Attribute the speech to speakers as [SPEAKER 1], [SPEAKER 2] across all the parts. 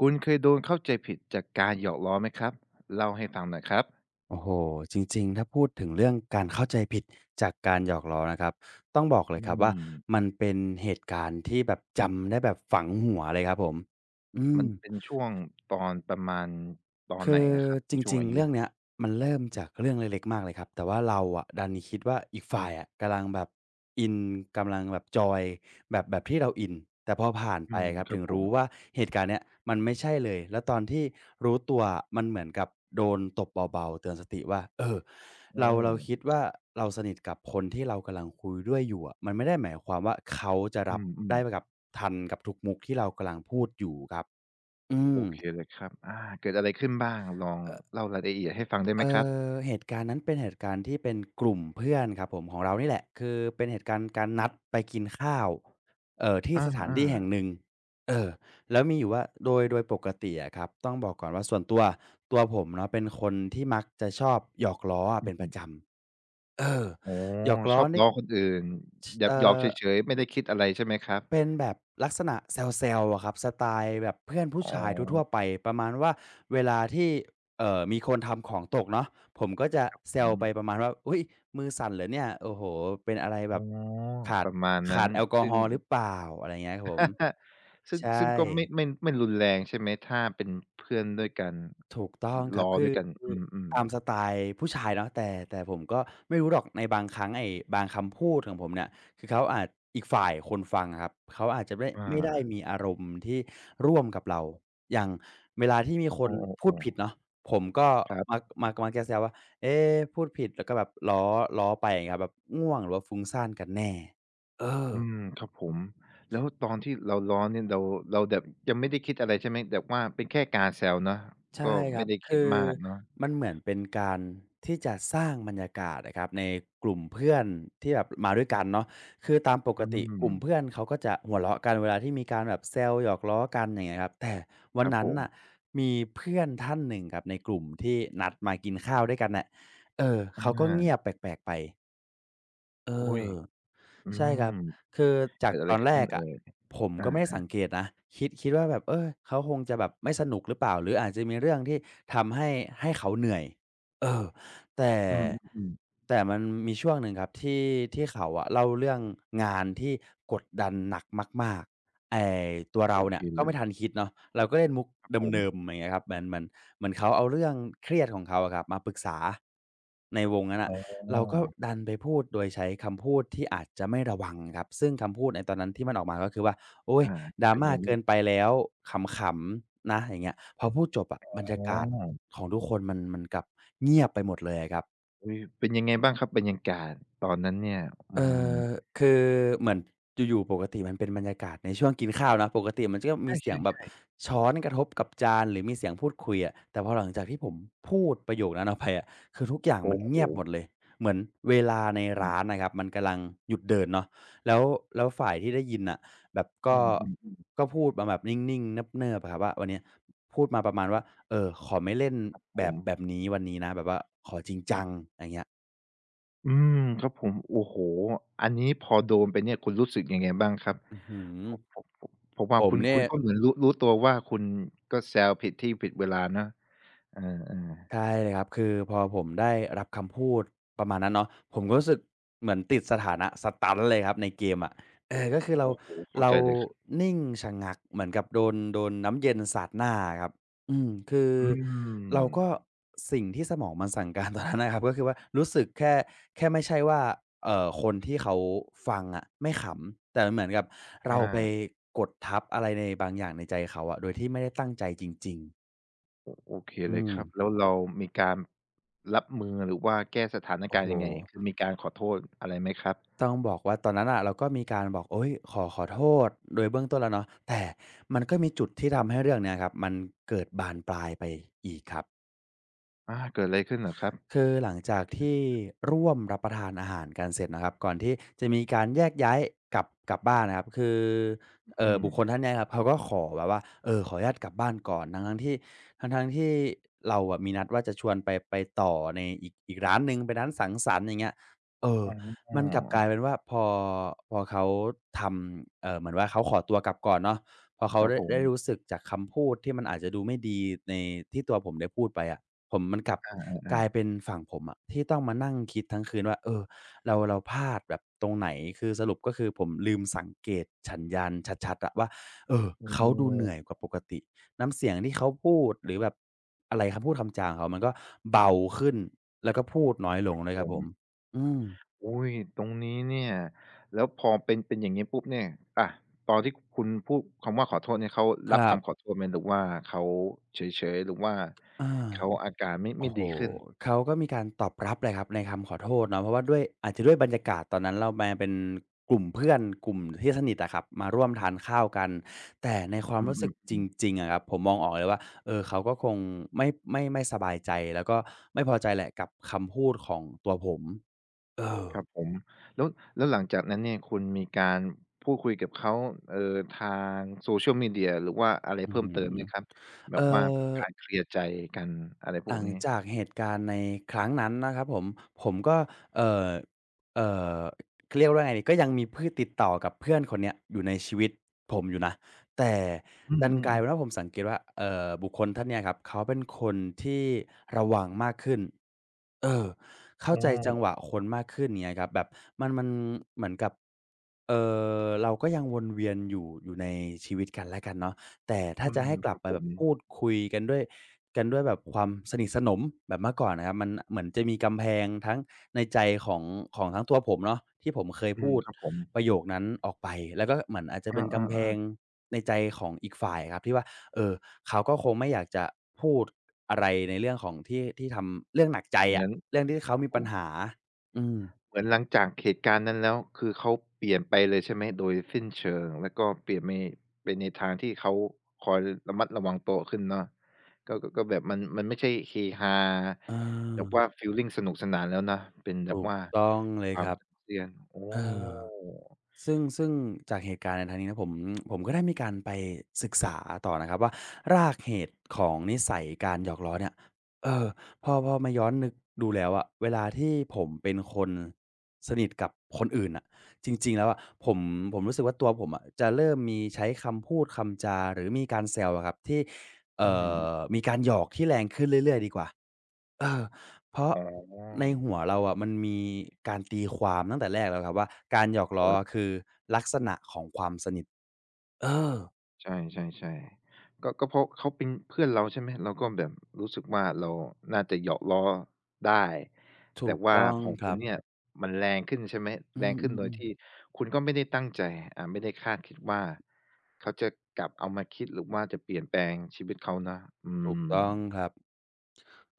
[SPEAKER 1] คุณเคยโดนเข้าใจผิดจากการหยอกล้อไหมครับ? เล่าให้ฟังหน่อยครับ
[SPEAKER 2] โอ้โฮ จริง ๆ ถ้าพูดถึงเรื่องการเข้าใจผิด จากการหยอกล้อนะครับ ต้องบอกเล
[SPEAKER 1] อื
[SPEAKER 2] ยครับว่า
[SPEAKER 1] ม
[SPEAKER 2] มันเป็นเหตุการณ์ที่แบบจำได้แบบฝังหัวเลยครับผม อื
[SPEAKER 1] มั
[SPEAKER 2] อ
[SPEAKER 1] นเป็นช่วงตอนประมาณตอน
[SPEAKER 2] ค
[SPEAKER 1] ไห
[SPEAKER 2] ื
[SPEAKER 1] น
[SPEAKER 2] อ
[SPEAKER 1] อะครับ ใน
[SPEAKER 2] จ
[SPEAKER 1] ช่วง
[SPEAKER 2] ริง
[SPEAKER 1] อา
[SPEAKER 2] ๆ
[SPEAKER 1] ย
[SPEAKER 2] เรื่
[SPEAKER 1] ุ?
[SPEAKER 2] องนี้มันเริ่มจากเรื่องเล็ก ๆ มากเลยครับ แต่ว่าเราอะดันคิดว่าอีกฝ่ายอะกำลังแบบอิน กำลังแบบจอยแบบ แบบที่เราอิน แต่พอผ่าน
[SPEAKER 1] อื
[SPEAKER 2] ไป
[SPEAKER 1] ม
[SPEAKER 2] ครับ
[SPEAKER 1] คร
[SPEAKER 2] ถ
[SPEAKER 1] ั
[SPEAKER 2] ึ
[SPEAKER 1] บ
[SPEAKER 2] ง
[SPEAKER 1] ผ
[SPEAKER 2] รู
[SPEAKER 1] ม
[SPEAKER 2] ้ว่า เหตุการณ์นี้มันไม่ใช่เลย แล้วตอนที่รู้ตัวมันเหมือนกับโดนตบเบา ๆ เตือนสติว่า เออ
[SPEAKER 1] โ
[SPEAKER 2] เรา เรา
[SPEAKER 1] อ้
[SPEAKER 2] คิดว่า เราสนิทกับคนที่เรากำลังคุยด้วยอยู่อะ มันไม่ได้หมายความว่า เขาจะ
[SPEAKER 1] อ
[SPEAKER 2] ร
[SPEAKER 1] ื
[SPEAKER 2] ับไ
[SPEAKER 1] อ
[SPEAKER 2] ด้ไ
[SPEAKER 1] ๆ
[SPEAKER 2] ปกับ ทันกับทุกมุกที่เรากำลังพูดอยู่ครับ อื
[SPEAKER 1] โอ
[SPEAKER 2] อ
[SPEAKER 1] เคเลยครับ อา เกิดอะไรขึ้นบ้างลอง
[SPEAKER 2] เออะ
[SPEAKER 1] เล่ารายละเอียดให้ฟังได้ไห
[SPEAKER 2] เ
[SPEAKER 1] ม
[SPEAKER 2] อ
[SPEAKER 1] ครับ?
[SPEAKER 2] อ เหตุการณ์นั้นเป็นเหตุการณ์ที่เป็นกลุ่มเพื่อนครับผม ของเรานี่แหละ คือเป็นเหตุการณ์การนัดไปกินข้าว เอ่อ ที่
[SPEAKER 1] อ
[SPEAKER 2] สถาน
[SPEAKER 1] า
[SPEAKER 2] ที่แห่ง
[SPEAKER 1] ๆ
[SPEAKER 2] หนึ่ง เออ! แล้วมีอยู่ว่าโดย โดยปกติอะครับ ต้องบอกก่อนว่าส่วนตัว ตัวผมเนาะ เป็นคนที่มักจะชอบหยอกล้อ
[SPEAKER 1] อ
[SPEAKER 2] เป
[SPEAKER 1] ื
[SPEAKER 2] ็นประ
[SPEAKER 1] อ
[SPEAKER 2] จำ เออ
[SPEAKER 1] อ๋อ
[SPEAKER 2] หยอกล
[SPEAKER 1] ช
[SPEAKER 2] ้อ
[SPEAKER 1] อบ
[SPEAKER 2] เล็
[SPEAKER 1] ล้
[SPEAKER 2] ก
[SPEAKER 1] อคนอื่น
[SPEAKER 2] ชิ
[SPEAKER 1] แบ
[SPEAKER 2] เอ
[SPEAKER 1] บ
[SPEAKER 2] ่
[SPEAKER 1] หยอก
[SPEAKER 2] อ
[SPEAKER 1] เฉย ๆ ไม่ได้คิดอะไรใช่ไหมครับ?
[SPEAKER 2] เป็นแบบลักษณะแซว ๆ อะครับ สไตล์แบบเพื่อนผู
[SPEAKER 1] อ
[SPEAKER 2] ้
[SPEAKER 1] ๋
[SPEAKER 2] ชายทั่
[SPEAKER 1] อ
[SPEAKER 2] ว ๆ ไปประมาณว่า เวลาที่ เอ่อ มีคนทำของตกเนาะ ผมก็จะ
[SPEAKER 1] ครับ
[SPEAKER 2] แซ
[SPEAKER 1] ผ
[SPEAKER 2] วไป
[SPEAKER 1] ม
[SPEAKER 2] ประมาณว่า อุ๊ย มือสั่นเหรอเนี่ย โอ้โฮ เป็นอะไรแ
[SPEAKER 1] อ
[SPEAKER 2] บ
[SPEAKER 1] ๋อ
[SPEAKER 2] บขา
[SPEAKER 1] ป
[SPEAKER 2] ด
[SPEAKER 1] ระมาณน
[SPEAKER 2] ข
[SPEAKER 1] ั้
[SPEAKER 2] า
[SPEAKER 1] น
[SPEAKER 2] ดแอลกอ
[SPEAKER 1] ซึ่
[SPEAKER 2] ฮ
[SPEAKER 1] ง
[SPEAKER 2] อล์หรือเปล่า อะไรอย่างเงี้ยครับผม
[SPEAKER 1] ซึ่ง
[SPEAKER 2] ใช
[SPEAKER 1] ซึ่งก็ไม่
[SPEAKER 2] ่
[SPEAKER 1] ไม่ ไม่รุนแรงใช่ไหม? ถ้าเป็นเพื่อนด้วยกัน
[SPEAKER 2] ถูกต้องค
[SPEAKER 1] ล
[SPEAKER 2] ร
[SPEAKER 1] ้
[SPEAKER 2] ับ
[SPEAKER 1] อ
[SPEAKER 2] คื
[SPEAKER 1] ด้
[SPEAKER 2] อ
[SPEAKER 1] วยกัน
[SPEAKER 2] คื
[SPEAKER 1] อ
[SPEAKER 2] อ
[SPEAKER 1] ือ
[SPEAKER 2] ตา
[SPEAKER 1] ๆ
[SPEAKER 2] มสไตล์ผู้ชายเนาะ แต่ แต่ผมก็ไม่รู้หรอกในบางครั้ง ไอ้บางคำพูดของผมเนี่ย คือเขาอาจ อีกฝ่ายคนฟังอะครับ เขาอาจจะไม่ ด
[SPEAKER 1] อ
[SPEAKER 2] ไม่ได้
[SPEAKER 1] า
[SPEAKER 2] มีอารมณ์ที่ร่วมกับเรา อย่างเวลาที่มีค
[SPEAKER 1] อ๋
[SPEAKER 2] นพู
[SPEAKER 1] อ
[SPEAKER 2] ดผิ
[SPEAKER 1] ๆ
[SPEAKER 2] ด
[SPEAKER 1] ๆ
[SPEAKER 2] เนาะ ผมก็
[SPEAKER 1] ครับ
[SPEAKER 2] มัก มัก มักจะแซวว่า เอ๊ พูดผิดแล้วก็แบบล้อ ล้อไปเงี้ยครับ แบบง่วงหรือว่าฟุ้งซ่านกันแน่ เอ
[SPEAKER 1] อื
[SPEAKER 2] อ
[SPEAKER 1] ม ครับผม แล้วตอนที่เราล้อเนี่ยเรา เราแบบยังไม่ได้คิดอะไรใช่ไหม? แบบว่าเป็นแค่การแซวเนาะ
[SPEAKER 2] ใช
[SPEAKER 1] ก็
[SPEAKER 2] ่ค
[SPEAKER 1] ไ
[SPEAKER 2] ร
[SPEAKER 1] ม่
[SPEAKER 2] ับ
[SPEAKER 1] ได้ค
[SPEAKER 2] ค
[SPEAKER 1] ิด
[SPEAKER 2] ือ
[SPEAKER 1] มากเนาะ
[SPEAKER 2] มันเหมือนเป็นการที่จะสร้างบรรยากาศน่ะครับ ในกลุ่มเพื่อนที่แบบมาด้วยกันเนาะ คือตามป
[SPEAKER 1] อ
[SPEAKER 2] ก
[SPEAKER 1] ื
[SPEAKER 2] ติกลุ่มเ
[SPEAKER 1] ม
[SPEAKER 2] พื่อนเขาก็จะหัวเราะกัน เวลาที่มีการแบบแซวหยอกล้อกัน อย่างเงี้ยครับ แต่วั
[SPEAKER 1] ค
[SPEAKER 2] น
[SPEAKER 1] รับ
[SPEAKER 2] นั
[SPEAKER 1] ผ
[SPEAKER 2] ้นน
[SPEAKER 1] ม
[SPEAKER 2] ่ะมีเพื่อนท่านหนึ่งครับ ในกลุ่มที่นัดมากินข้าวด้วยกันน่ะ เออ
[SPEAKER 1] อ
[SPEAKER 2] เขาก็เงีย
[SPEAKER 1] า
[SPEAKER 2] บแปลก ๆ ไป เอ
[SPEAKER 1] อุ๊ย!
[SPEAKER 2] อ
[SPEAKER 1] อื
[SPEAKER 2] ใช่คร
[SPEAKER 1] ม
[SPEAKER 2] ับ คือจ
[SPEAKER 1] เก
[SPEAKER 2] า
[SPEAKER 1] ิ
[SPEAKER 2] ก
[SPEAKER 1] ดอะไ
[SPEAKER 2] ต
[SPEAKER 1] ร
[SPEAKER 2] อน
[SPEAKER 1] ข
[SPEAKER 2] แร
[SPEAKER 1] ึ้น
[SPEAKER 2] ก
[SPEAKER 1] เอ
[SPEAKER 2] อ
[SPEAKER 1] ่
[SPEAKER 2] ะ
[SPEAKER 1] ย?
[SPEAKER 2] ผม
[SPEAKER 1] อ
[SPEAKER 2] ก
[SPEAKER 1] า
[SPEAKER 2] ็ไม่ได้สั
[SPEAKER 1] ๆ
[SPEAKER 2] งเกตนะ คิด คิดว่า แบบ เออ เขาคงจะแบบไม่สนุกหรือเปล่าหรืออาจจะมีเรื่องที่ทำให้ ให้เขาเหนื่อย เออ แต่
[SPEAKER 1] อืม ๆ ๆ
[SPEAKER 2] แต่มันมีช่วงหนึ่งครับ ที่ ที่เขาอะเล่าเรื่องงานที่กดดันหนักมาก ๆ ไอ้ตัวเร
[SPEAKER 1] โอ
[SPEAKER 2] าเน
[SPEAKER 1] เ
[SPEAKER 2] ี
[SPEAKER 1] ค
[SPEAKER 2] ่ย ก็
[SPEAKER 1] เล
[SPEAKER 2] ไม่
[SPEAKER 1] ย
[SPEAKER 2] ทันคิดเนาะ เราก็เล่นมุก
[SPEAKER 1] ครับผ
[SPEAKER 2] เด
[SPEAKER 1] ม
[SPEAKER 2] ิม ๆ เหมือน อย่างงี้ครับ เหมือน เหมือน เหมือนเขาเอาเรื่องเครียดของเขาอะครับ มาปรึกษาในวงนั้น
[SPEAKER 1] อ
[SPEAKER 2] น
[SPEAKER 1] ๋
[SPEAKER 2] ่ะ เราก็
[SPEAKER 1] อ
[SPEAKER 2] ดันไปพูดโดยใช้คำพูดที่อาจจะไม่ระวังครับ ซึ่งคำพูดในตอนนั้นที่มันออกมาก็คือว่า "โอ๊
[SPEAKER 1] อ
[SPEAKER 2] ย
[SPEAKER 1] า เป็นไ
[SPEAKER 2] drama
[SPEAKER 1] งม
[SPEAKER 2] เ
[SPEAKER 1] ั
[SPEAKER 2] ก
[SPEAKER 1] ่ง?
[SPEAKER 2] ินไปแล้ว ขำ ๆ นะ" อย่างเงี้ย พอพูดจบอะบรรย
[SPEAKER 1] อ๋
[SPEAKER 2] ากาศ
[SPEAKER 1] อ
[SPEAKER 2] ของทุกคน มัน มันกลับเงียบไปหมดเลยอะครับ
[SPEAKER 1] เออ เป็นยังไงบ้างครับ บรรยากาศตอนนั้นเนี่ย? อื
[SPEAKER 2] เออ
[SPEAKER 1] ม
[SPEAKER 2] คือเหมือน อยู่ ๆ ปกติมันเป็นบรรยากาศในช่วงกินข้าวนะ ปกติมันก็
[SPEAKER 1] ใ
[SPEAKER 2] มีเสียงแบ
[SPEAKER 1] ช
[SPEAKER 2] บ
[SPEAKER 1] ่ ๆ ๆ
[SPEAKER 2] ช้อนกระทบกับจานหรือมีเสียงพูดคุยอะ แต่พอหลังจากที่ผมพูดประโยคนั้นออก ไปอะ คือทุกอย่าง
[SPEAKER 1] โอ
[SPEAKER 2] ม
[SPEAKER 1] ้
[SPEAKER 2] ัน
[SPEAKER 1] โ
[SPEAKER 2] เงียบห
[SPEAKER 1] ฮ
[SPEAKER 2] มดเลย เหมือนเวลาใน
[SPEAKER 1] อ
[SPEAKER 2] ร
[SPEAKER 1] ื
[SPEAKER 2] ้
[SPEAKER 1] ม
[SPEAKER 2] านนะครับ มันกำลังหยุดเดินเนาะ แล้ว แล้วฝ่ายที่ได้ยินน่ะ แบบก
[SPEAKER 1] อื
[SPEAKER 2] ็
[SPEAKER 1] ม ๆ ๆ
[SPEAKER 2] ก็พูดมาแบบนิ่ง ๆ เนิบ ๆ อะครับว่า "วันเนี้ย" พูดมาประมาณว่า "เออ ขอไม่เล่น
[SPEAKER 1] ครับผ
[SPEAKER 2] แบบ แบ
[SPEAKER 1] ม
[SPEAKER 2] บนี้วันนี้นะ แบบว่าขอจริงจัง" อะไรเงี้ย
[SPEAKER 1] อืม ครับผม โอ้โฮ! อันนี้พอโดนไปเนี่ย คุณรู้สึกยังไงบ้างครับ?
[SPEAKER 2] อื้อฮือ
[SPEAKER 1] ผม ผม ผม ผมว่
[SPEAKER 2] ผ
[SPEAKER 1] าค
[SPEAKER 2] ม
[SPEAKER 1] ุณ
[SPEAKER 2] น
[SPEAKER 1] ค
[SPEAKER 2] ี่
[SPEAKER 1] ุณก็เหมือนรู้ รู้ตัวว่า คุณก็แซวผิดที่ผิดเวลาเนาะ เออ ๆ
[SPEAKER 2] ใช่เลยครับ คือพอผมได้รับคำพูด ประมาณนั้นเนาะ ผมก็รู้สึกเหมือนติดสถานะสตันเลยครับ ในเกมอะ อือ ก็คือเ
[SPEAKER 1] โ
[SPEAKER 2] ร
[SPEAKER 1] อ
[SPEAKER 2] า
[SPEAKER 1] ้โฮ! เข้า
[SPEAKER 2] เรา
[SPEAKER 1] ใจเลย
[SPEAKER 2] นิ่งชะงักเหมือนกับโดน โดนน้ำเย็นสาดหน้าอะครับ อืม คือ
[SPEAKER 1] อื
[SPEAKER 2] เราก
[SPEAKER 1] ม
[SPEAKER 2] ็ สิ่งที่สมองมันสั่ง การตอนนั้นนะครับ ก็คือว่ารู้สึกแค่ แค่ไม่ใช่ว่า เอ่อ คนที่เขาฟังอะไม่ขำ แต่มันเหมือนกับเร
[SPEAKER 1] อ
[SPEAKER 2] าไป
[SPEAKER 1] า
[SPEAKER 2] กดทับอะไรในบางอย่างในใจเขาอะ โดยที่ไม่ได้ตั้งใจจริง ๆ
[SPEAKER 1] โอ โอเค
[SPEAKER 2] อื
[SPEAKER 1] เลยครับ
[SPEAKER 2] ม
[SPEAKER 1] แล้วเรามีการรับมือ หรือว่าแก้สถาน
[SPEAKER 2] โอ
[SPEAKER 1] ก
[SPEAKER 2] ้
[SPEAKER 1] าร
[SPEAKER 2] โ
[SPEAKER 1] ณ
[SPEAKER 2] ฮ
[SPEAKER 1] ์ยังไง? คือมีการขอโทษอะไรไหมครับ?
[SPEAKER 2] ต้องบอกว่าตอนนั้นน่ะ เราก็มีการบอก โอ๊ย ขอ ขอโทษ โดยเบื้องต้นแล้วเนาะ แต่มันก็มีจุดที่ทำให้เรื่องนี้ครับ มันเกิดบานปลายไปอีกครับ
[SPEAKER 1] อา เกิดอะไรขึ้นเหรอครับ?
[SPEAKER 2] คือหลังจากที่ร่วมรับประทานอาหารกันเสร็จนะครับ ก่อนที่จะมีการแยกย้ายกลับ กลับบ้านนะครับ คือ
[SPEAKER 1] อือ
[SPEAKER 2] เอ
[SPEAKER 1] อื
[SPEAKER 2] ่อ บุคคล
[SPEAKER 1] ม
[SPEAKER 2] ท่านนี้นะครับเขาก็ขอแบบว่า เอ่อ ขออนุญาตกลับบ้านก่อน ทั้ง ๆ ที่ ทั้ง ๆ ที่เราอะ มีนัดว่าจะชวนไป ไปต่อในอีก อีกร้านหนึ่งเป็นร้านสังสรรค์ อย่างเงี้ย เออ
[SPEAKER 1] อ๋
[SPEAKER 2] มันกลับก
[SPEAKER 1] อ
[SPEAKER 2] ลายเป็นว่าพอ พอเขาทำ เอ่อ เหมือนว่า เขาขอตัวกลับก่อนเนาะ พอเขา
[SPEAKER 1] ครั
[SPEAKER 2] ไ
[SPEAKER 1] บ
[SPEAKER 2] ด้
[SPEAKER 1] ผ
[SPEAKER 2] ได
[SPEAKER 1] ม
[SPEAKER 2] ้รู้สึกจากคำพูดที่มันอาจจะดูไม่ดีใน ที่ตัวผมได้พูดไปอะ ผม มันกลับ
[SPEAKER 1] อ
[SPEAKER 2] ก
[SPEAKER 1] า
[SPEAKER 2] ลาย
[SPEAKER 1] ๆ ๆ
[SPEAKER 2] เป็นฝั่งผมอะ ที่ต้องมานั่งคิดทั้งคืนว่า เอ่อ เรา เราพลาดแบบตรงไหน คือสรุป ก็คือผมลืมสังเกตสัญญาณชัด ๆ อะว่า เออ
[SPEAKER 1] อ้อ
[SPEAKER 2] เขาดูเหนื่อยกว่าปกติน้ำเสียงที่เขาพูด หรือแบบ อะไรคำพูดคำจาของเขามันก็เบาขึ้น แล้วก็พูดน้อยล
[SPEAKER 1] คร
[SPEAKER 2] ง
[SPEAKER 1] ับ
[SPEAKER 2] ด้วย
[SPEAKER 1] ผ
[SPEAKER 2] ครับผม
[SPEAKER 1] ม
[SPEAKER 2] อืม
[SPEAKER 1] อุ๊ย! ตรงนี้เนี่ย แล้วพอเป็น เป็นอย่างนี้ปุ๊บเนี่ย อะ ตอนที่คุณพูดคำว่า ขอโทษเนี่ย เขา
[SPEAKER 2] ค
[SPEAKER 1] รั
[SPEAKER 2] ร
[SPEAKER 1] บ
[SPEAKER 2] ั
[SPEAKER 1] ค
[SPEAKER 2] บ
[SPEAKER 1] ำขอโทษไหม? หรือว่า เขาเฉย ๆ หรือว่า
[SPEAKER 2] อา
[SPEAKER 1] เขาอาการไม่
[SPEAKER 2] โ
[SPEAKER 1] ไ
[SPEAKER 2] อ
[SPEAKER 1] ม่
[SPEAKER 2] ้โฮ!
[SPEAKER 1] ดีขึ้น
[SPEAKER 2] เขาก็มีการตอบรับแหละครับในคำขอโทษเนาะ เพราะว่าด้วย อาจจะด้วยบรรยากาศตอนนั้นเรามาเป็นกลุ่มเพื่อน กลุ่มที่สนิทอะครับ มาร่วมทานข้าวกัน แต่ในควา
[SPEAKER 1] อ
[SPEAKER 2] ม
[SPEAKER 1] ื
[SPEAKER 2] รู้สึกจ
[SPEAKER 1] อ ๆ ๆ
[SPEAKER 2] ริง ๆ อะครับ ผมมองออกเลยว่า เอ่อ เขาก็คงไม่ ไม่ ไม่สบายใจ แล้วก็ไม่พอใจแหละ กับคำพูดของตัวผม เออ
[SPEAKER 1] ครับผม แล้ว แล้วหลังจากนั้นเนี่ยคุณมีการพูดคุยกับเขา เอ่อ ทาง Social Media หรือว่าอะไร
[SPEAKER 2] อื้
[SPEAKER 1] เพ
[SPEAKER 2] อ
[SPEAKER 1] ิ่
[SPEAKER 2] ฮ
[SPEAKER 1] ม
[SPEAKER 2] ื
[SPEAKER 1] เ
[SPEAKER 2] อ
[SPEAKER 1] ติมไหมครับ? แบ
[SPEAKER 2] เออ
[SPEAKER 1] บว่าเป็นการเคลียร์ใจกันอะไรพ
[SPEAKER 2] หล
[SPEAKER 1] วก
[SPEAKER 2] ัง
[SPEAKER 1] นี้
[SPEAKER 2] จากเหตุการณ์ในครั้งนั้นนะครับผม ผมก็ เอ่อ เอ่อ เรียกว่าไง ก็ยังมีพืชติดต่อกับเพื่อนคนนี้อยู่ในชีวิตผมอยู่นะ แต่
[SPEAKER 1] อื
[SPEAKER 2] ดันกลาย
[SPEAKER 1] อ
[SPEAKER 2] เป
[SPEAKER 1] ๆ ๆ
[SPEAKER 2] ็นว่าผมสังเกตว่า เอ่อ บุคคลท่านเนี้ยครับ เขาเป็นคนที่ระวังมากขึ้น เออ เข้า
[SPEAKER 1] อ้
[SPEAKER 2] ใจจั
[SPEAKER 1] อ
[SPEAKER 2] งหวะคนมากขึ้นอย่างนี้ครับ แบบมัน มันเหมือนกับ เอ่อ เราก็ยังวนเวียนอยู่ อยู่ในชีวิตกันและกันเนาะ แต่ถ้
[SPEAKER 1] อ
[SPEAKER 2] า
[SPEAKER 1] ื
[SPEAKER 2] จะใ
[SPEAKER 1] ม
[SPEAKER 2] ห้กล
[SPEAKER 1] ค
[SPEAKER 2] ั
[SPEAKER 1] รั
[SPEAKER 2] บ
[SPEAKER 1] บ
[SPEAKER 2] ไป
[SPEAKER 1] ผ
[SPEAKER 2] แบ
[SPEAKER 1] ม
[SPEAKER 2] บพูดคุยกันด้วย กันด้วยแบบความสนิทสนมแบบเมื่อก่อนนะครับ มันเหมือนจะมีกำแพงทั้งในใจของ ของทั้งตัวผมเนาะ ที่ผมเคย
[SPEAKER 1] อื
[SPEAKER 2] พ
[SPEAKER 1] ม
[SPEAKER 2] ูด
[SPEAKER 1] ครับผม
[SPEAKER 2] ประโยคนั้นออกไป แล้วก็เหมือนอาจจะ
[SPEAKER 1] อ
[SPEAKER 2] เป็นกำแพ
[SPEAKER 1] า ๆ
[SPEAKER 2] ง
[SPEAKER 1] ๆ
[SPEAKER 2] ในใจของอีกฝ่ายครับที่ว่า เออ เขาก็คงไม่อยากจะพูดอะไร ในเรื่องของที่ ที่ทำ เรื่องหนักใจ
[SPEAKER 1] เหม
[SPEAKER 2] อ
[SPEAKER 1] ื
[SPEAKER 2] ะ
[SPEAKER 1] อน
[SPEAKER 2] เรื่องที่เขา
[SPEAKER 1] ครับ
[SPEAKER 2] มี
[SPEAKER 1] ผ
[SPEAKER 2] ปัญ
[SPEAKER 1] ม
[SPEAKER 2] หา อืม
[SPEAKER 1] เหมือนหลังจากเหตุการณ์นั้นแล้ว คือเขาเปลี่ยนไปเลยใช่ไหมโดยสิ้นเชิง แล้วก็เปลี่ยนไป ไปในทางที่เขาคอยระมัดระวังตัวขึ้นเนาะ ก็ ก็แบบมัน มันไม่ใช่เฮฮา
[SPEAKER 2] อ
[SPEAKER 1] แบบว่า
[SPEAKER 2] า
[SPEAKER 1] ฟีลลิงสนุกสนานแล้วนะ เป็นแ
[SPEAKER 2] ถ
[SPEAKER 1] บบ
[SPEAKER 2] ูก
[SPEAKER 1] ว่า
[SPEAKER 2] ต้องเล
[SPEAKER 1] ค
[SPEAKER 2] ย
[SPEAKER 1] วา
[SPEAKER 2] ค
[SPEAKER 1] ม
[SPEAKER 2] รับ
[SPEAKER 1] ตึงเครียด อ๋
[SPEAKER 2] เออ
[SPEAKER 1] อ
[SPEAKER 2] ซึ่ง ซึ่งจากเหตุการณ์ในครั้งนี้นะผม ผมก็ได้มีการไปศึกษาต่อนะครับว่า รากเหตุของนิสัยการหยอกล้อเนี่ย เออ พอ พอมาย้อนนึกดูแล้วอะ เวลาที่ผมเป็นคนสนิทกับคนอื่นน่ะ จริง ๆ แล้วอะ ผม ผมรู้สึกว่า ตัวผมอะจะเริ่มมีใช้คำพูดคำจาหรือมีการแซวอะครับ ที่ เอ
[SPEAKER 1] อื
[SPEAKER 2] ่
[SPEAKER 1] ม
[SPEAKER 2] อ มีการหยอกที่แรงขึ้นเรื่อย ๆ ดีกว่า เออ เพราะ
[SPEAKER 1] อ
[SPEAKER 2] ในหั
[SPEAKER 1] ๋อ
[SPEAKER 2] วเราอะ มันมีการตีความตั้งแต่แรกแล้วครับว่า การหยอกล
[SPEAKER 1] ค
[SPEAKER 2] ้อ
[SPEAKER 1] รับ
[SPEAKER 2] คือลักษณะของความสนิท เออ
[SPEAKER 1] ใช่ ๆ ๆ ก็ ก็เพราะเขาเป็นเพื่อนเราใช่ไหม เราก็แบบรู้สึกว่า เราน่าจะหยอกล้อได้
[SPEAKER 2] ถ
[SPEAKER 1] แต่
[SPEAKER 2] ูก
[SPEAKER 1] ว่า
[SPEAKER 2] ต้อง
[SPEAKER 1] ของ
[SPEAKER 2] ค
[SPEAKER 1] ค
[SPEAKER 2] ร
[SPEAKER 1] ุ
[SPEAKER 2] ั
[SPEAKER 1] ณ
[SPEAKER 2] บ
[SPEAKER 1] เนี่ย มันแรงขึ้นใช่ไหม
[SPEAKER 2] อื
[SPEAKER 1] แรงขึ้นโด
[SPEAKER 2] ม
[SPEAKER 1] ยท
[SPEAKER 2] ๆ ๆ
[SPEAKER 1] ี่คุณก็ไม่ได้ตั้งใจ อา ไม่ได้คาดคิดว่า เขาจะกลับเอามาคิด หรือว่าจะเปลี่ยนแปลงชีวิตเขานะ อื
[SPEAKER 2] ถูกต้อง
[SPEAKER 1] ม
[SPEAKER 2] ครับ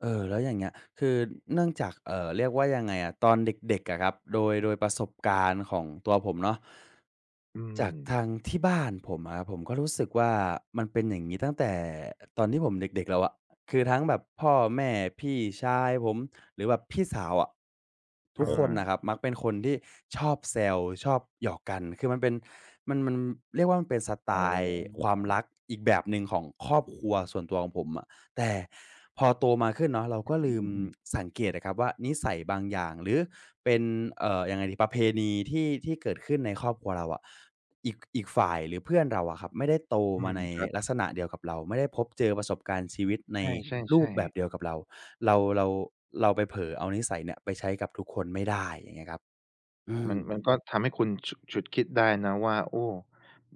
[SPEAKER 2] เออ แล้วอย่างเงี้ย คือเนื่องจาก เออ เรียกว่ายังไงอะ ตอนเด็ก ๆ อะครับ โดย โดยประสบการณ์ของตัวผมเนาะ
[SPEAKER 1] อื
[SPEAKER 2] จากท
[SPEAKER 1] ม
[SPEAKER 2] างที่บ้านผมอะครับผม ผมก็รู้สึกว่ามันเป็น อย่างงี้ ตั้งแต่ตอนที่ผมเด็ก ๆ แล้วอะ คือทั้งแบบ พ่อแม่ พี่ชายผม หรือแบบพี่สาวอะ ท
[SPEAKER 1] อ
[SPEAKER 2] ุกคนน่
[SPEAKER 1] า
[SPEAKER 2] ะครับ มักเป็นคนที่ชอบแซว ชอบหยอกกัน คือมันเป็น มัน มัน เรียกว่า มันเป็นสไต
[SPEAKER 1] อ๋อ
[SPEAKER 2] ล์ความรัก อีกแบบหนึ่งของครอบครัวส่วนตัวของผมอะ แต่พอโตมาขึ้นเนาะ เราก็
[SPEAKER 1] อ
[SPEAKER 2] ล
[SPEAKER 1] ื
[SPEAKER 2] ืม
[SPEAKER 1] อ ๆ
[SPEAKER 2] สังเกตอะครับว่า นิสัยบางอย่าง หรือเป็น เออ ยังไงดี ประเพณี ที่ ที่เกิดขึ้นในครอบครัวเราอะ อีก อีกฝ่ายหรือเพื่อนเราอะครับ ไม่ได้โต
[SPEAKER 1] อื
[SPEAKER 2] มา
[SPEAKER 1] ม
[SPEAKER 2] ใน
[SPEAKER 1] ครับ
[SPEAKER 2] ลักษณะเดียวกับเรา ไม่ได้พบเจอประสบการณ์ชีวิตใน
[SPEAKER 1] ใ
[SPEAKER 2] รู
[SPEAKER 1] ช่
[SPEAKER 2] ปแบ
[SPEAKER 1] ๆ ๆ
[SPEAKER 2] บเดียวกับเรา เรา เรา เราไปเผลอเอานิสัยเนี่ย ไปใช้กับทุกคนไม่ได้ อย่างเงี้ยครับ อื
[SPEAKER 1] มัน
[SPEAKER 2] ม
[SPEAKER 1] มันก็ทำให้คุณ ฉุ ฉุกคิดได้นะว่า โอ้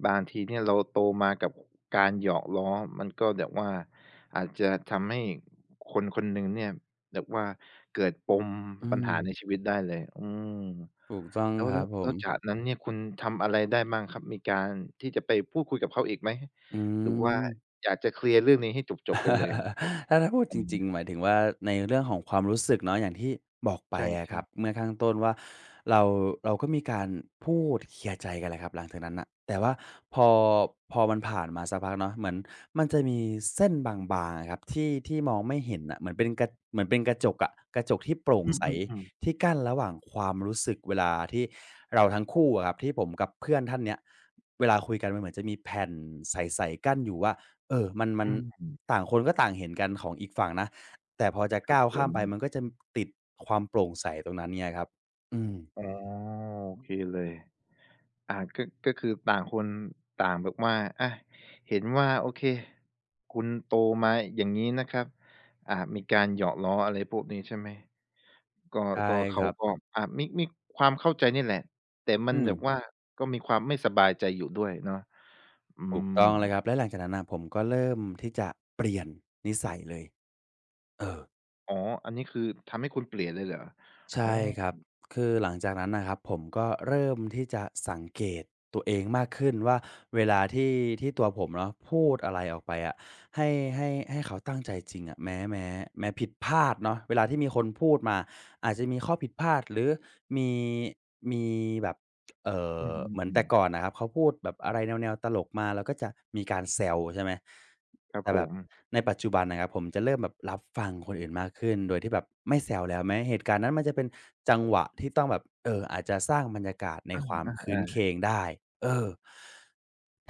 [SPEAKER 1] บางทีเนี่ยเราโตมากับการหยอกล้อ มันก็แบบว่าอาจจะทำให้คน ๆ หนึ่งเนี่ย แบบว่าเกิดปม
[SPEAKER 2] อื
[SPEAKER 1] ปัญหาใน
[SPEAKER 2] ม
[SPEAKER 1] ชีวิตได้เลย อืม
[SPEAKER 2] ถูกต้อง
[SPEAKER 1] แล้ว
[SPEAKER 2] ครับผ
[SPEAKER 1] แล้
[SPEAKER 2] ม
[SPEAKER 1] วจากนั้นเนี่ยคุณทำอะไรได้บ้างครับ มีการที่จะไปพูดคุยกับเขาอีกไหม
[SPEAKER 2] อื
[SPEAKER 1] หรือว่า
[SPEAKER 2] ม
[SPEAKER 1] อยากจะเคลียร์เรื่องนี้ให้จบ ๆ ไปเลย?
[SPEAKER 2] ถ้า ถ้าพูดจริง
[SPEAKER 1] [unintelligible]
[SPEAKER 2] ๆ หมายถึงว่า ในเรื่องของความรู้สึกเนาะ อย่างที่บอกไป
[SPEAKER 1] ใช
[SPEAKER 2] อะค
[SPEAKER 1] ่
[SPEAKER 2] รั
[SPEAKER 1] ๆ
[SPEAKER 2] บ เมื่อข้างต้นว่า เรา เราก็มีการพูดเคลียร์ใจกันแหละครับ หลังจากนั้นน่ะ แต่ว่า พอ พอมันผ่านมาสักพักเนาะ เหมือนมันจะมีเส้นบาง ๆ อะครับ ที่ ที่มองไม่เห็นน่ะเหมือนเป็น กะ เหมือนเป็นกระจกอะ กระจกที่โปร่ง
[SPEAKER 1] อื
[SPEAKER 2] ใส
[SPEAKER 1] ม ๆ ๆ
[SPEAKER 2] ที่กั้นระหว่างความรู้สึกเวลาที่เราทั้งคู่อะครับ ที่ผมกับเพื่อนท่านเนี้ย เวลาคุยกันมันเหมือนจะมีแผ่นใส ๆ กั้นอยู่ว่า เออ มัน ม
[SPEAKER 1] อ
[SPEAKER 2] ั
[SPEAKER 1] ื
[SPEAKER 2] น
[SPEAKER 1] ม
[SPEAKER 2] ต่างคนก็ต่างเห็นกันของอีกฝั่งนะ แต่พอจะ
[SPEAKER 1] คร
[SPEAKER 2] ก
[SPEAKER 1] ั
[SPEAKER 2] ้
[SPEAKER 1] บ
[SPEAKER 2] าว
[SPEAKER 1] ผ
[SPEAKER 2] ข้ามไป
[SPEAKER 1] ม
[SPEAKER 2] มันก็จะติดความโปร่งใสตรงนั้นเนี่ยครับ อืม
[SPEAKER 1] อ๋อ โอเคเลย อา ก็ ก็คือต่างคนต่างแบบว่า อะ เห็นว่า โอเค คุณโตมา อย่างงี้นะครับ อา มีการหยอกล้ออะไรพวกนี้ใช่ไหม ก็
[SPEAKER 2] ใช่
[SPEAKER 1] ก็ เข
[SPEAKER 2] ค
[SPEAKER 1] า
[SPEAKER 2] รับ
[SPEAKER 1] ก็ อะ มี มีความเข้าใจนี่แหละ แต่มั
[SPEAKER 2] อื
[SPEAKER 1] นแบบ
[SPEAKER 2] ม
[SPEAKER 1] ว่า ก็มีความไม่สบายใจอยู่ด้วยเนาะ อื
[SPEAKER 2] ถูก
[SPEAKER 1] ม
[SPEAKER 2] ต้องเลยครับ และหลังจากนั้นน่ะ ผมก็เริ่มที่จะเปลี่ยนนิสัยเลย เออ
[SPEAKER 1] อ๋อ อันนี้คือทำให้คุณเปลี่ยนเลยเหรอ?
[SPEAKER 2] ใช
[SPEAKER 1] อ๋อ
[SPEAKER 2] ่ครับ คือหลังจากนั้นนะครับ ผมก็เริ่มที่จะสังเกตตัวเองมากขึ้นว่า เวลา ที่ ที่ตัวผมเนาะพูดอะไรออกไปอะ ให้ ให้ ให้เขาตั้งใจจริงอะ แม้ แม้ แม้ผิดพลาดเนาะ เวลาที่มีคนพูดมาอาจจะมีข้อผิดพลาด หรือ มี มีแบบ เอ่
[SPEAKER 1] อื
[SPEAKER 2] อ เหมือนแต่
[SPEAKER 1] อ ๆ ๆ
[SPEAKER 2] ก่อนน่ะครับ เขาพูดแบบอะไรแนว ๆ ตลกมา เราก็จะมีการแซว ใช่ไหม
[SPEAKER 1] ครั
[SPEAKER 2] แ
[SPEAKER 1] บ
[SPEAKER 2] ต่
[SPEAKER 1] ผ
[SPEAKER 2] แบบ
[SPEAKER 1] ม
[SPEAKER 2] ในปัจจุบันนะครับ ผมจะเริ่มแบบรับฟังคนอื่นมากขึ้น โดยที่แบบไม่แซวแล้วแม้เหตุการณ์นั้นมันจะเป็นจังหวะที่ต้องแบบ เออ อาจจะสร้างบรรยากาศใน
[SPEAKER 1] อา
[SPEAKER 2] ความครื้นเค
[SPEAKER 1] ๆ
[SPEAKER 2] ร
[SPEAKER 1] ๆ
[SPEAKER 2] งได้ เออ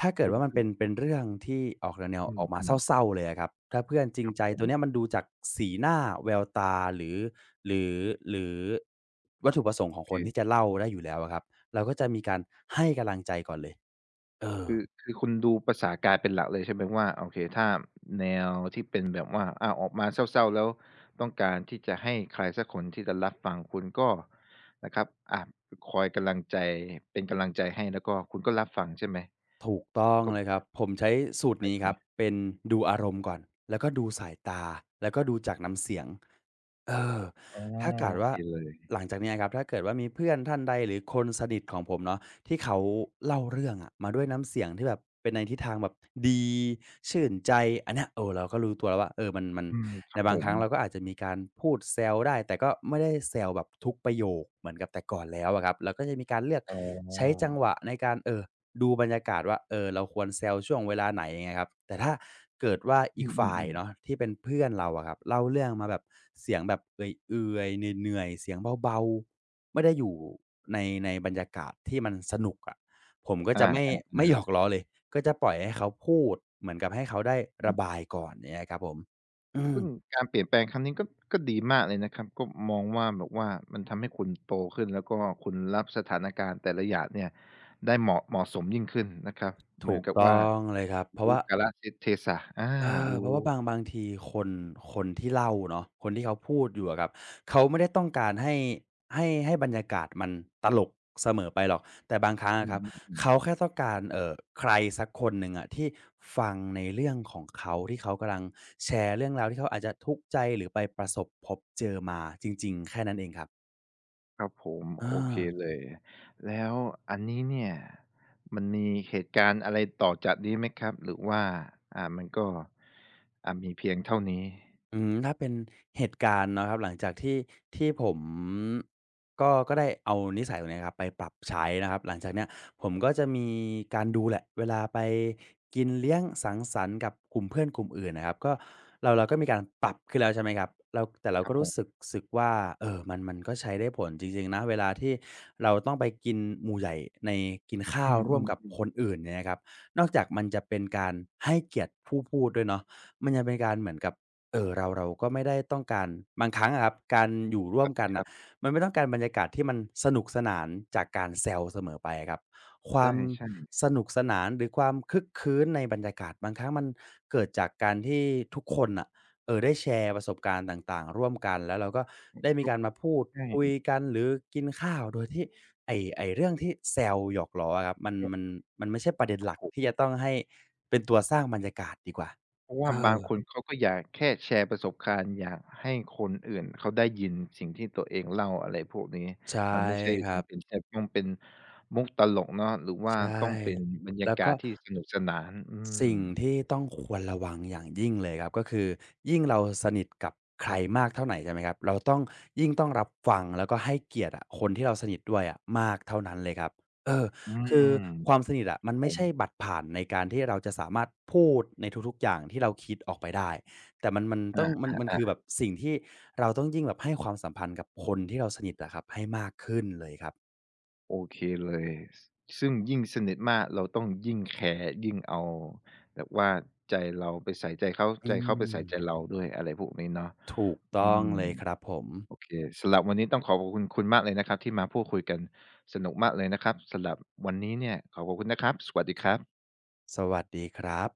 [SPEAKER 2] ถ้าเกิ
[SPEAKER 1] ค
[SPEAKER 2] ด
[SPEAKER 1] ุ
[SPEAKER 2] ว่
[SPEAKER 1] ณ
[SPEAKER 2] ามั
[SPEAKER 1] อ
[SPEAKER 2] น
[SPEAKER 1] ื
[SPEAKER 2] เป
[SPEAKER 1] อ
[SPEAKER 2] ็น เป็นเรื่องที่ออกแนว
[SPEAKER 1] อ
[SPEAKER 2] ๆ ออกมา
[SPEAKER 1] ืม ๆ
[SPEAKER 2] เศร้า ๆ เลยอะครับ ถ้าเพื่อนจริ
[SPEAKER 1] ค
[SPEAKER 2] ง
[SPEAKER 1] รับ
[SPEAKER 2] ใจ
[SPEAKER 1] ผ
[SPEAKER 2] ตัว
[SPEAKER 1] ม
[SPEAKER 2] นี้มันดูจากสีหน้า แววตา หรือ หรือ หรือวัตถุประสงค์ของ
[SPEAKER 1] โอ
[SPEAKER 2] คนท
[SPEAKER 1] เค
[SPEAKER 2] ี่จะเล่าได้อยู่แล้วครับ เราก็จะมีการให้กำลังใจก่อนเลย เออ
[SPEAKER 1] คือ คือคุณดูภาษากายเป็นหลักเลยใช่ไหมว่า โอเค ถ้าแนวที่เป็นแบบว่า อ้าว ออกมาเศร้า ๆ แล้วต้องการที่จะให้ใครสักคนที่จะรับฟัง คุณก็นะครับ อา คอยกำลังใจ เป็นกำลังใจให้ แล้วก็คุณก็รับฟังใช่ไหม?
[SPEAKER 2] ถูกต้อง
[SPEAKER 1] ก็
[SPEAKER 2] เลยครับ ผมใช้สูตร
[SPEAKER 1] หม
[SPEAKER 2] น
[SPEAKER 1] าย
[SPEAKER 2] ี้
[SPEAKER 1] ถึ
[SPEAKER 2] ครับ
[SPEAKER 1] ง
[SPEAKER 2] เป็นดูอารมณ์ก่อน แล้วก็ดูสายตา แล้วก็ดูจากน้ำเสียง เออ
[SPEAKER 1] อ๋อ
[SPEAKER 2] ถ้าเกิ
[SPEAKER 1] โ
[SPEAKER 2] ด
[SPEAKER 1] อ
[SPEAKER 2] ว
[SPEAKER 1] เ
[SPEAKER 2] ่
[SPEAKER 1] ค
[SPEAKER 2] า
[SPEAKER 1] เลย
[SPEAKER 2] หลังจากเนี้ยครับ ถ้าเกิดว่ามีเพื่อนท่านใดหรือคนสนิทของผมเนาะ ที่เขาเล่าเรื่องอะมาด้วยน้ำเสียงที่แบบเป็นในทิศทางแบบดีชื่นใจ อันเนี้ย เออ เราก็รู้ตัวแล้วว่า เออ มัน มัน
[SPEAKER 1] อืม ค
[SPEAKER 2] ใ
[SPEAKER 1] ร
[SPEAKER 2] น
[SPEAKER 1] ับ
[SPEAKER 2] บ
[SPEAKER 1] ผ
[SPEAKER 2] างค
[SPEAKER 1] ม
[SPEAKER 2] รั้งเราก็อาจจะมีการพูดแซวได้ แต่ก็ไม่ได้แซวแบบทุกประโยคเหมือนกับแต่ก่อนแล้วอะครับ เราก็จะมีการเลือก
[SPEAKER 1] อ๋
[SPEAKER 2] ใช้จัง
[SPEAKER 1] อ
[SPEAKER 2] หวะในการ เอ่อ ดูบรรยากาศว่า เออ เราควรแซวช่วงเวลาไหน เงี้ยครับ แต่ถ้าเกิดว่าอ
[SPEAKER 1] อื
[SPEAKER 2] ีกฝ่าย
[SPEAKER 1] อ
[SPEAKER 2] เน
[SPEAKER 1] ๆ ๆ
[SPEAKER 2] าะที่เป็นเพื่อนเราอะครับ เล่าเรื่องมาแบบเสียงแบบเอื่อย ๆ เหนื่อย ๆ เสียงเบา ๆ ไม่ได้อยู่ ใน ในบรรยากาศที่มันสนุกอะ ผมก็
[SPEAKER 1] อ
[SPEAKER 2] จะ ไม่ ไม่
[SPEAKER 1] า
[SPEAKER 2] หย
[SPEAKER 1] ๆ ๆ
[SPEAKER 2] อกล้อเลย ก็จะปล่อยให้เขาพูดเหมือนกับให้เขาได้
[SPEAKER 1] อ
[SPEAKER 2] ร
[SPEAKER 1] ื
[SPEAKER 2] ะ
[SPEAKER 1] อ
[SPEAKER 2] บายก่อน เงี้ยครับผม อื
[SPEAKER 1] ซ
[SPEAKER 2] ม
[SPEAKER 1] ึ่งการเปลี่ยนแปลงครั้งนี้ ก็ ก็ดีมากเลยนะครับ ก็มองว่าแบบว่า มันทำให้คุณโตขึ้น แล้วก็คุณรับสถานการณ์แต่ละอย่างเนี่ยได้ เหมาะ เหมาะสมยิ่งขึ้นนะครับ เ
[SPEAKER 2] ถ
[SPEAKER 1] หมื
[SPEAKER 2] ู
[SPEAKER 1] อน
[SPEAKER 2] ก
[SPEAKER 1] กับ
[SPEAKER 2] ต
[SPEAKER 1] ว
[SPEAKER 2] ้
[SPEAKER 1] ่า
[SPEAKER 2] องเลยครับ เพร
[SPEAKER 1] ร
[SPEAKER 2] าะ
[SPEAKER 1] ู
[SPEAKER 2] ว
[SPEAKER 1] ้
[SPEAKER 2] ่า
[SPEAKER 1] กาล เท เทศะ อา
[SPEAKER 2] เออ
[SPEAKER 1] รู
[SPEAKER 2] เพราะว่า
[SPEAKER 1] ้
[SPEAKER 2] บาง บางที คน คนที่เล่าเนาะ คนที่เขาพูดอยู่อะครับ เขาไม่ได้ต้องการ ให้ ให้ ให้บรรยากาศมันตลกเสมอไปหรอก แต่บางครั้งอ
[SPEAKER 1] อื
[SPEAKER 2] ะครับเ
[SPEAKER 1] อ
[SPEAKER 2] ข
[SPEAKER 1] ๆ ๆ
[SPEAKER 2] าแค่ต้องการ เอ่อ ใครสักคนหนึ่งอะที่ฟังในเรื่องของเขา ที่เขากำลังแชร์เรื่องราวที่เขาอาจจะทุกข์ใจ หรือไปประสบพบเจอมาจริง ๆ แค่นั้นเองครับ
[SPEAKER 1] ครับผม
[SPEAKER 2] อ
[SPEAKER 1] โอเค
[SPEAKER 2] า
[SPEAKER 1] เลย แล้วอันนี้เนี่ยมันมีเหตุการณ์อะไรต่อจากนี้ไหมครับ หรือว่า อ่า มันก็ อ่า มีเพียงเท่านี้?
[SPEAKER 2] อืม ถ้าเป็นเหตุการณ์นะครับ หลังจาก ที่ ที่ผม ก็ ก็ได้เอานิสัยตรงนี้ครับไปปรับใช้นะครับ หลังจากเนี้ยผมก็จะมีการดูแหละ เวลาไปกินเลี้ยงสังสรรค์กับกลุ่มเพื่อนกลุ่มอื่นน่ะครับ ก็เรา เราก็มีการปรับขึ้นแล้ว ใช่ไหมครับ เรา แต่เรา
[SPEAKER 1] คร
[SPEAKER 2] ก
[SPEAKER 1] ั
[SPEAKER 2] ็
[SPEAKER 1] บ
[SPEAKER 2] ร
[SPEAKER 1] ผ
[SPEAKER 2] ู้
[SPEAKER 1] ม
[SPEAKER 2] สึก สึกว่า เออ มัน มันก็ใช้ได้ผลจริง ๆ นะ เวลาที่เราต้องไปกินหมู่ใหญ่ใน กินข้
[SPEAKER 1] อ
[SPEAKER 2] า
[SPEAKER 1] ื
[SPEAKER 2] วร่วมกับ
[SPEAKER 1] อ ๆ ๆ
[SPEAKER 2] คนอื่นเนี่ยนะครับ นอกจากมันจะเป็นการให้เกียรติผู้พูดด้วยเนาะ มันจะเป็นการเหมือนกับ เออ เรา เราก็ไม่ได้ต้องการ บางครั้งอะครับ การอยู่ร่
[SPEAKER 1] ค
[SPEAKER 2] วมกันน่
[SPEAKER 1] รั
[SPEAKER 2] ะ
[SPEAKER 1] บ ๆ
[SPEAKER 2] มันไม่ต้องการบรรยากาศที่มันสนุกสนานจากการแซวเสมอไปอะครับ คว
[SPEAKER 1] ใ
[SPEAKER 2] าม
[SPEAKER 1] ช่ ๆ
[SPEAKER 2] สนุกสนานหรือความครึกครื้นในบรรยากาศ บางครั้งมันเกิดจากการที่ทุกคนน่ะ เออ ได้แชร์ประสบการณ์ต่าง ๆ ร่วมกัน แล้วเราก็
[SPEAKER 1] อื
[SPEAKER 2] ไ
[SPEAKER 1] อ
[SPEAKER 2] ด้ม
[SPEAKER 1] ค
[SPEAKER 2] ี
[SPEAKER 1] รั
[SPEAKER 2] ก
[SPEAKER 1] บ
[SPEAKER 2] ารมาพูด
[SPEAKER 1] ใช่
[SPEAKER 2] คุยกัน หรือกินข้าว โดยที่ ไอ้ ไอ้เรื่องที่แซวหยอกล้ออะครับ มัน มัน มันไม่ใช่ประเด็น
[SPEAKER 1] ครั
[SPEAKER 2] ห
[SPEAKER 1] บ
[SPEAKER 2] ลัก
[SPEAKER 1] ผม
[SPEAKER 2] ที่จะต้องให้เป็นตัวสร้างบรรยากาศดีกว่า
[SPEAKER 1] เพราะว
[SPEAKER 2] เ
[SPEAKER 1] ่า
[SPEAKER 2] อ
[SPEAKER 1] บาง
[SPEAKER 2] อ
[SPEAKER 1] คนเขาก็อยากแค่แชร์ประสบการณ์ อยากให้คนอื่นเขาได้ยินสิ่งที่ตัวเองเล่า อะไรพวกนี้
[SPEAKER 2] ใช่
[SPEAKER 1] มันไม่ใช่
[SPEAKER 2] คร
[SPEAKER 1] จ
[SPEAKER 2] ับ
[SPEAKER 1] ำเป็นจะต้องเป็นมุกตลกเนาะ หรือว่
[SPEAKER 2] ใ
[SPEAKER 1] า
[SPEAKER 2] ช่
[SPEAKER 1] ต้องเป็นบรรย
[SPEAKER 2] แล
[SPEAKER 1] า
[SPEAKER 2] ้ว
[SPEAKER 1] กา
[SPEAKER 2] ก็
[SPEAKER 1] ศที่สนุกสนาน อื
[SPEAKER 2] สิ่ง
[SPEAKER 1] ม
[SPEAKER 2] ที่ต้องควรระวังอย่างยิ่งเลยครับ ก็คือยิ่งเราสนิทกับใครมากเท่าไหน ใช่ไหมครับ เราต้อง ยิ่งต้องรับฟัง แล้วก็ให้เกียรติอะ คนที่เราสนิทด้วยอะมากเท่านั้นเลยครับ เออ
[SPEAKER 1] อื
[SPEAKER 2] คื
[SPEAKER 1] ม
[SPEAKER 2] อความสนิทอะ
[SPEAKER 1] คร
[SPEAKER 2] ม
[SPEAKER 1] ั
[SPEAKER 2] ั
[SPEAKER 1] บ
[SPEAKER 2] น
[SPEAKER 1] ผ
[SPEAKER 2] ไม่ใช
[SPEAKER 1] ม
[SPEAKER 2] ่บัตรผ่านในการที่เราจะสามารถพูดในทุก ๆ อย่างที่เราคิดออกไปได้ แต่มัน มัน
[SPEAKER 1] อ
[SPEAKER 2] ต้อง มัน มัน ค
[SPEAKER 1] า
[SPEAKER 2] ือแ
[SPEAKER 1] ๆ ๆ
[SPEAKER 2] บบสิ่งที่เราต้องยิ่งแบบให้ความสัมพันธ์กับคนที่เราสนิทอะครับ ให้มากขึ้นเลยครับ
[SPEAKER 1] โอเคเลย ซ ซึ่งยิ่งสนิทมาก เราต้องยิ่งแแคร์ ยิ่งเอาแบบว่าใจเราไปใส่ใจเขา
[SPEAKER 2] อื
[SPEAKER 1] ใจเขาไปใส่ใจ
[SPEAKER 2] ม
[SPEAKER 1] เราด้วย อะไรพวกนี้เนาะ
[SPEAKER 2] ถูก
[SPEAKER 1] อ
[SPEAKER 2] ต
[SPEAKER 1] ื
[SPEAKER 2] ้อง
[SPEAKER 1] ม
[SPEAKER 2] เลยครับผม
[SPEAKER 1] โอเค สำหรับวันนี้ต้องขอขอบคุณคุณมากเลยนะครับที่มาพูดคุยกัน สนุกมากเลยนะครับ สำหรับวันนี้เนี่ยขอขอบคุณนะครับ สวัสดีครับ
[SPEAKER 2] สวัสดีครับ